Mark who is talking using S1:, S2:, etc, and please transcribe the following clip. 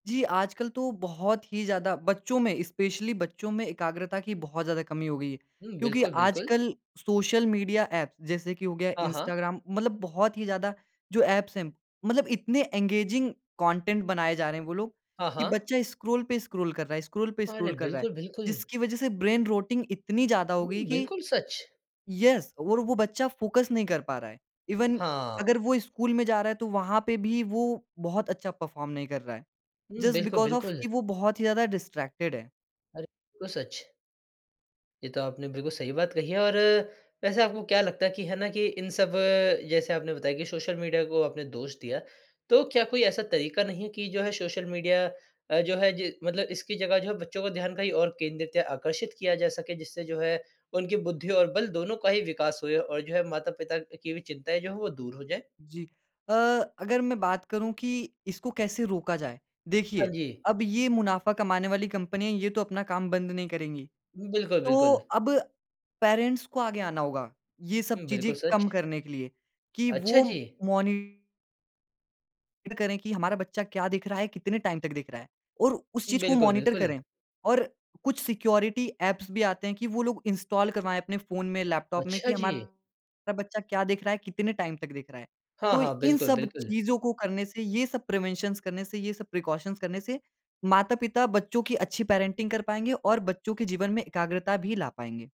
S1: जी, आजकल तो बहुत ही ज़्यादा बच्चों में, स्पेशली बच्चों में एकाग्रता की बहुत ज़्यादा कमी हो गई है।
S2: हुँ,
S1: क्योंकि
S2: बिल्कुल, बिल्कुल।
S1: आजकल सोशल मीडिया ऐप जैसे कि हो गया
S2: हाँ, हाँ।
S1: इंस्टाग्राम मतलब बहुत ही ज़्यादा जो ऐप्स हैं मतलब इतने एंगेजिंग कंटेंट बनाए जा रहे हैं वो लोग
S2: हाँ,
S1: कि
S2: हाँ।
S1: बच्चा स्क्रॉल पे स्क्रॉल कर रहा है स्क्रॉल पे
S2: अरे!
S1: स्क्रॉल कर रहा है।
S2: बिल्कुल, बिल्कुल।
S1: जिसकी वजह से ब्रेन रोटिंग इतनी ज़्यादा हो
S2: हुँ,
S1: गई कि
S2: बिल्कुल सच।
S1: येस और वो बच्चा फोकस नहीं कर पा रहा है। इवन
S2: हाँ।
S1: अगर वो स्कूल में जा रहा है तो वहाँ पे भी वो बहुत अच्छा परफॉर्म नहीं कर रहा है।
S2: हुँ,
S1: जस्ट
S2: बिल्कुल,
S1: बिकॉज़ ऑफ
S2: बिल्कुल।
S1: कि वो बहुत ही ज़्यादा डिस्ट्रैक्टेड है।
S2: अरे! बिल्कुल सच। ये तो आपने बिल्कुल सही बात कही है और वैसे आपको क्या लगता है कि है ना कि इन सब जैसे आपने बताया कि सोशल मीडिया को आपने दोष दिया। तो क्या कोई ऐसा तरीका नहीं है कि जो है सोशल मीडिया अ, जो है जि मतलब इसकी जगह जो है बच्चों को ध्यान कहीं और केंद्रित या आकर्षित किया जा सके। जिससे जो है उनकी बुद्धि और बल दोनों का ही विकास हो जाए और जो है माता-पिता की भी चिंताएँ जो है वो दूर हो जाएँ?
S1: जी। अ, अगर मैं बात करूँ कि इसको कैसे रोका जाए।
S2: हाँ
S1: देखिए,
S2: जी।
S1: अब ये मुनाफ़ा कमाने वाली कंपनियाँ ये तो अपना काम बंद नहीं करेंगी।
S2: बिल्कुल,
S1: तो
S2: बिल्कुल।
S1: अब पैरेंट्स को आगे आना होगा। ये सब
S2: हुँ,
S1: चीज़ें
S2: बिल्कुल
S1: कम
S2: सच।
S1: करने के लिए कि
S2: अच्छा
S1: वो
S2: जी!
S1: मॉनि टर करें कि हमारा बच्चा क्या देख रहा है, कितने टाइम तक देख रहा है और उस चीज़ को
S2: बिल्कुल,
S1: मॉनिटर
S2: बिल्कुल।
S1: करें और कुछ सिक्योरिटी ऐप्स भी आते हैं कि वो लोग इंस्टॉल करवाएँ अपने फ़ोन में, लैपटॉप में कि
S2: अच्छा जी!
S1: हमारा बच्चा क्या देख रहा है, कितने टाइम तक देख रहा है।
S2: हाँ,
S1: तो
S2: हाँ।
S1: इन
S2: बिल्कुल,
S1: सब
S2: बिल्कुल।
S1: चीज़ों को करने से ये सब प्रिवेंशन्स करने से, ये सब प्रिकॉशन्स करने से माता-पिता बच्चों की अच्छी पैरेंटिंग कर पाएँगे और बच्चों के जीवन में एकाग्रता भी ला पाएँगे।